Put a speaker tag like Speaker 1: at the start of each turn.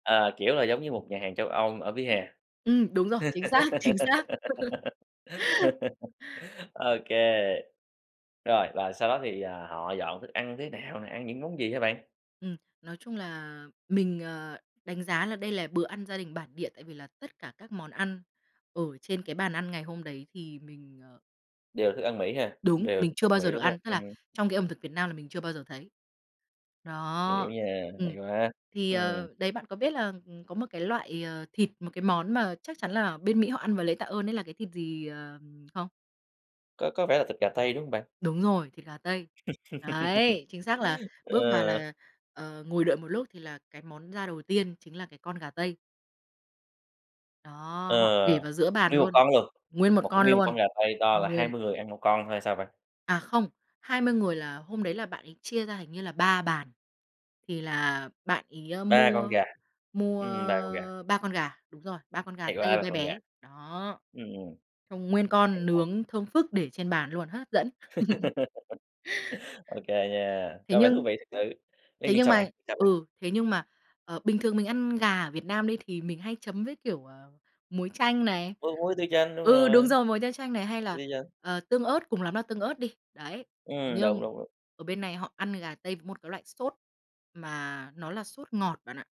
Speaker 1: Ờ, kiểu là, giống như một nhà hàng châu Âu ở vỉa hè.
Speaker 2: Ừm, đúng rồi, chính xác, chính xác..
Speaker 1: OK. Rồi, và sau đó thì, ờ, họ dọn thức ăn thế nào nè, ăn những món gì hả bạn?
Speaker 2: Ừm. Nói chung là mình, ờ, đánh giá là đây là bữa ăn gia đình bản địa, tại vì là tất cả các món ăn ở trên cái bàn ăn ngày hôm đấy thì mình, ờ
Speaker 1: Đều thức ăn Mỹ ha?
Speaker 2: Đúng,
Speaker 1: Đều
Speaker 2: mình
Speaker 1: thức
Speaker 2: chưa
Speaker 1: ăn
Speaker 2: bao giờ
Speaker 1: Mỹ,
Speaker 2: được
Speaker 1: đúng hông?
Speaker 2: ăn, tức là,
Speaker 1: Ừm.
Speaker 2: trong cái ẩm thực Việt Nam là mình chưa bao giờ thấy.
Speaker 1: Hiểu
Speaker 2: Đó.
Speaker 1: nha, hay
Speaker 2: Ừm.
Speaker 1: quá!
Speaker 2: Thì,
Speaker 1: Ừm.
Speaker 2: ờ, đấy bạn có biết là có một cái loại, ờ, thịt, một cái món mà chắc chắn là bên Mỹ họ ăn vào Lễ Tạ ơn ấy là cái thịt gì, ờ, không?
Speaker 1: Có có vẻ là thịt gà tây, đúng hông bạn?
Speaker 2: Đúng rồi, thịt gà tây. Đấy, chính xác là bước vào
Speaker 1: Ờ.
Speaker 2: là, ờ, ngồi đợi một lúc thì là cái món ra đầu tiên chính là cái con gà tây. Đó,
Speaker 1: Ờ.
Speaker 2: họ để vào giữa bàn
Speaker 1: Nguyên một
Speaker 2: luôn.
Speaker 1: con luôn!
Speaker 2: Nguyên một
Speaker 1: Một
Speaker 2: con
Speaker 1: nguyên một con
Speaker 2: luôn.
Speaker 1: gà tây to là hai
Speaker 2: Nguyên.
Speaker 1: mươi người ăn 1 con thôi hay sao bạn?
Speaker 2: À, không, 20 người là hôm đấy là bạn ấy chia ra hình như là 3 bàn. Thì là bạn ấy
Speaker 1: 3 con
Speaker 2: mua
Speaker 1: gà.
Speaker 2: mua,
Speaker 1: Ừm, 3 con gà.
Speaker 2: ơ, 3 con gà, đúng rồi, 3 con gà
Speaker 1: Hay
Speaker 2: tây
Speaker 1: quá, 3
Speaker 2: be
Speaker 1: con gà!
Speaker 2: bé. Đó.
Speaker 1: Ừm, ừm.
Speaker 2: Xong nguyên
Speaker 1: Hay
Speaker 2: con
Speaker 1: quá!
Speaker 2: nướng thơm phức để trên bàn luôn, h hấp dẫn.
Speaker 1: OK nha,
Speaker 2: Thế
Speaker 1: có vẻ thú
Speaker 2: nhưng
Speaker 1: vị thật sự. Thế
Speaker 2: thế
Speaker 1: nhưng
Speaker 2: nhưng
Speaker 1: sao
Speaker 2: mà
Speaker 1: bạn, sao bạn?
Speaker 2: ừ, thế nhưng mà, ờ, bình thường mình ăn gà ở Việt Nam đi, thì mình hay chấm với, kiểu, ờ, muối chanh này.
Speaker 1: Với muối tiêu chanh, đúng
Speaker 2: Ừ, đúng
Speaker 1: rồi.
Speaker 2: rồi, muối tiêu chanh này hay là,
Speaker 1: Ây da!
Speaker 2: ờ, tương ớt, cùng lắm là tương ớt đi. Đấy. Thế
Speaker 1: Ừm, đúng,
Speaker 2: nhưng
Speaker 1: đúng, đúng.
Speaker 2: ở bên này họ ăn gà tây với một cái loại sốt mà nó là sốt ngọt bạn ạ.